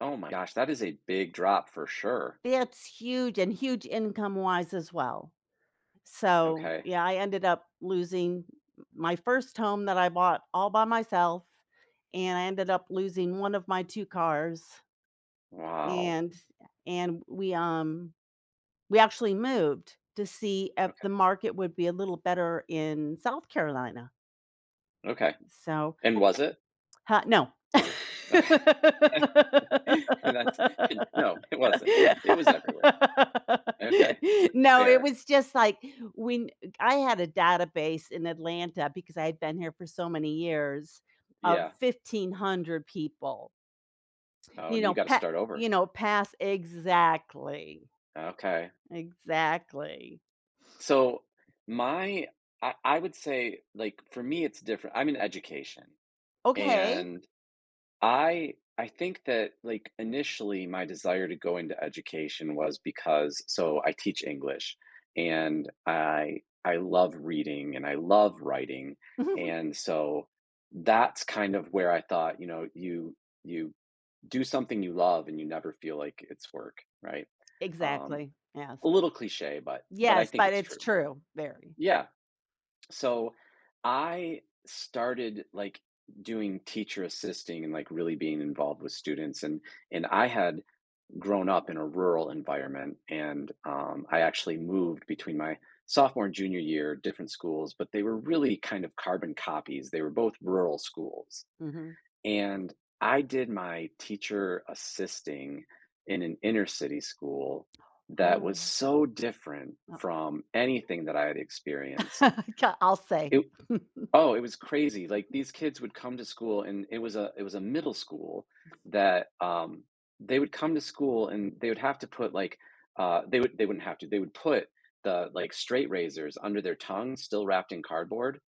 Oh my gosh, that is a big drop for sure! It's huge and huge income wise as well, so, Okay. yeah, I ended up losing m my first home that I bought all by myself and I ended up losing 1 of my 2 cars Wow. and and we, um, we actually moved to see if the Okay. market would be a little better in South Carolina. Okay, So and was it? huh, no. Okay, and that's, no, it wasn't. It was everywhere. Okay, No, it fair. was, just, like, when I had a database in Atlanta because I've been here for so many years of Yeah. 1,500 people. Oh, You and then you know, gotta pa start over. you know, pass exactly. Okay. Exactly. So my I I would say, like, for me it's different. I'm in education Okay. and I I think that, like, initially my desire to go into education was because, so I teach English, and I I love reading and I love writing, and so that's, kind of, where I thought, you know, you you do something you love and you never feel, like, it's work, right? Um, Exactly, yes. a little cliche, but but I Yes, think but it's it's true. true, very. Yeah, so, I started, like, doing teacher assisting and, like, really being involved with students and and I had grown up in a rural environment and, um, I actually moved between my sophomore and junior year, different schools, but they were really, kind of, carbon copies. They were both rural schools, Mhm. and I did my teacher assisting in an inner city school that was Oh. so different Oh. from anything that I had experienced. K I'll say. It oh, it was crazy, like, these kids would come to school and it was a it was a middle school that, um, they would come to school and they would have to put, like, uh, they would they wouldn't have to, they would put the, like, straight razors under their tongues still wrapped in cardboard,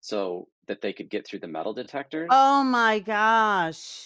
so that they could get through the metal detectors, Oh my an gosh.